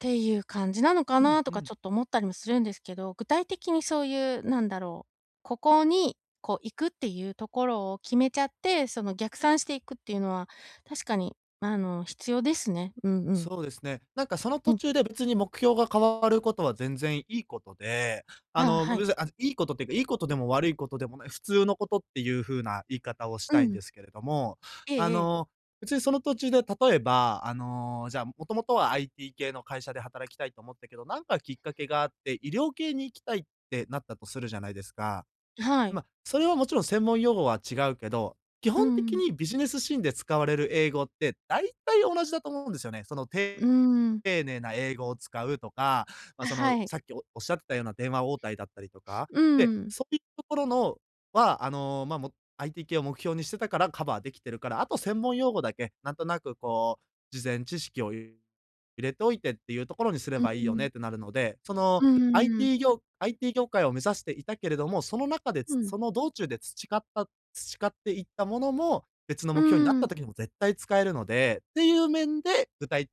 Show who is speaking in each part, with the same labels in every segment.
Speaker 1: て言う感じなのか
Speaker 2: うん
Speaker 1: なと
Speaker 2: う
Speaker 1: か、
Speaker 2: ん。
Speaker 1: ちょっと思ったりもするんですけど、具体的にそう言う何だろう、ここに、こう行くって言うところを決めちゃって、その逆算していくって言うのは、確かに、あの必要ですね。うんうん。
Speaker 2: そうですね。なんか、その
Speaker 1: う
Speaker 2: 途
Speaker 1: ん。
Speaker 2: 中で、別に目標が変わる事は、全然良い事で、あ
Speaker 1: あ、
Speaker 2: の、
Speaker 1: は
Speaker 2: ご
Speaker 1: い。
Speaker 2: ぶぜあ、良い事って言うか、良い事でも悪い事でもない、普通の事って言う風な言い方をし
Speaker 1: う
Speaker 2: たいんで
Speaker 1: ん。
Speaker 2: すけれども。
Speaker 1: え
Speaker 2: あ
Speaker 1: えええ。
Speaker 2: の別に、その途中で、例えば、あの、じゃあ、もともとは IT 系の会社で働きたいと思ったけど、なんかきっかけがあって、医療系に行きたいってなったとするじゃないですか。
Speaker 1: はい。
Speaker 2: ま、それは勿論、専門用語は違うけど、基
Speaker 1: う
Speaker 2: 本的
Speaker 1: ん。
Speaker 2: にビジネスシーンで使われる英語って、大体同じだと思うんですよね。その、
Speaker 1: うー
Speaker 2: て
Speaker 1: ん。
Speaker 2: 丁寧な英語を使うとか、ま、
Speaker 1: あ、
Speaker 2: そ
Speaker 1: は
Speaker 2: の
Speaker 1: い。
Speaker 2: さっきおおっしゃってたような電話応対だったりとか。
Speaker 1: う
Speaker 2: で、
Speaker 1: ーん。
Speaker 2: そう言うところのは、あの、ま、も、IT 系を目標にしてたからカバー出来てるから、あと専門用語だけ、なんとなくこう、事前知識をい入れておいてって言うところにすれ
Speaker 1: うー
Speaker 2: ばいいよねっ
Speaker 1: ん。
Speaker 2: てなるので、その
Speaker 1: うーん。
Speaker 2: IT 業 IT 業界を目指していたけれども、その中で
Speaker 1: う
Speaker 2: つ
Speaker 1: ん。
Speaker 2: その道中で培った培っていったものも、別の
Speaker 1: う
Speaker 2: 目標になっ
Speaker 1: ー
Speaker 2: た
Speaker 1: ん。
Speaker 2: 時にも絶対使えるのでっていう面で、具体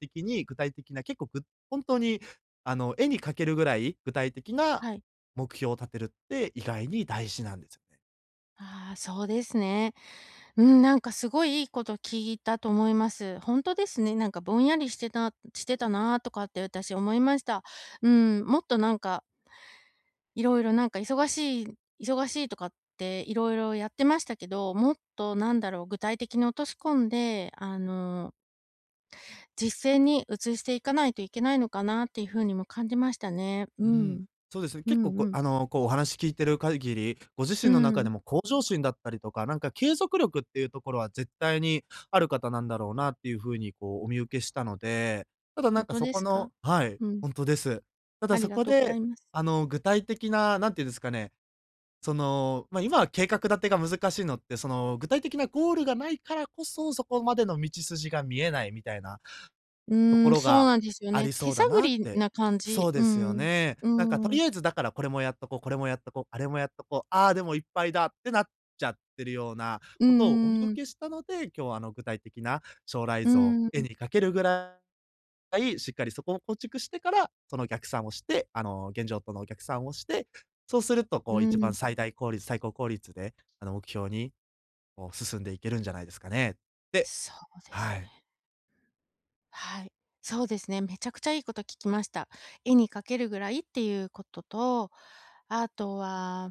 Speaker 2: 的に具体的な、結構、ぐほんとに、あの、絵に描けるぐらい、具体的な
Speaker 1: はい。
Speaker 2: 目標を立てるって意外に大事なんですよね。
Speaker 1: ああ、そうですね。うーん、なんか凄い、いい事聞いたと思います。ほんとですね。なんか、ぼんやりしてたしてたなとかって、私思いました。うん、もっとなんか色々なんか忙しい、忙しいとかって、色々やってましたけど、もっと何だろう、具体的に落とし込んで、あの実践に移していかないといけないのかなって言う風にも感じましたね。
Speaker 2: う
Speaker 1: う
Speaker 2: ーん、
Speaker 1: ん。
Speaker 2: そうですね、
Speaker 1: う
Speaker 2: 結構
Speaker 1: ん
Speaker 2: こ
Speaker 1: う
Speaker 2: う、
Speaker 1: ん。
Speaker 2: あの、こうお話聞いてる限り、ご自
Speaker 1: うー
Speaker 2: 身の中で
Speaker 1: ん。
Speaker 2: も向上心だったりとか、なんか継続力って言うところは、絶対にある方なんだろうなって言う風に、こうお見受けしたので、ただな
Speaker 1: ほ
Speaker 2: ん
Speaker 1: ん
Speaker 2: か、
Speaker 1: と
Speaker 2: そ
Speaker 1: で
Speaker 2: こ
Speaker 1: すか？
Speaker 2: のはい、
Speaker 1: うん。
Speaker 2: ほんとです。ただ、
Speaker 1: あり
Speaker 2: そ
Speaker 1: が
Speaker 2: こ
Speaker 1: とうござ
Speaker 2: で、
Speaker 1: います。
Speaker 2: あの、具体的な、なんて言うんですかね、その、まあ、今は計画立てが難しいのって、その、具体的なゴールがないからこそ、そこまでの道筋が見えないみたいな
Speaker 1: う
Speaker 2: とこ
Speaker 1: ーん、
Speaker 2: ろ
Speaker 1: そう
Speaker 2: が
Speaker 1: なんですよ
Speaker 2: あ
Speaker 1: ね。
Speaker 2: りそ
Speaker 1: 手
Speaker 2: うだ
Speaker 1: 探
Speaker 2: なっ
Speaker 1: り
Speaker 2: て。
Speaker 1: な感
Speaker 2: そ
Speaker 1: じ。
Speaker 2: う
Speaker 1: う
Speaker 2: で
Speaker 1: ー
Speaker 2: すよ
Speaker 1: ん。
Speaker 2: ね。
Speaker 1: う
Speaker 2: なんか、
Speaker 1: ー
Speaker 2: 取
Speaker 1: ん。
Speaker 2: り合えずだから、これもやっとこう、これもやっとこう、あれもやっとこう、ああ、でも、いっぱいだってなっちゃってるような
Speaker 1: う
Speaker 2: 事をお見
Speaker 1: ー
Speaker 2: 受
Speaker 1: ん。
Speaker 2: けしたので、今日は、あの、具体的な将来
Speaker 1: う
Speaker 2: 像、
Speaker 1: ー
Speaker 2: 絵
Speaker 1: ん。
Speaker 2: に描けるぐらい、しっかりそこを構築してから、その逆算をして、あの、現状との逆算をして、そうすると、
Speaker 1: う
Speaker 2: こう一番
Speaker 1: ん。
Speaker 2: 最大効率、最高効率で、あの、目標に、こう、進んでいけるんじゃないですかねって。
Speaker 1: そうです
Speaker 2: はい。
Speaker 1: ね。はい。そうですね。めちゃくちゃいい事聞きました。絵に描けるぐらいって言う事と、後は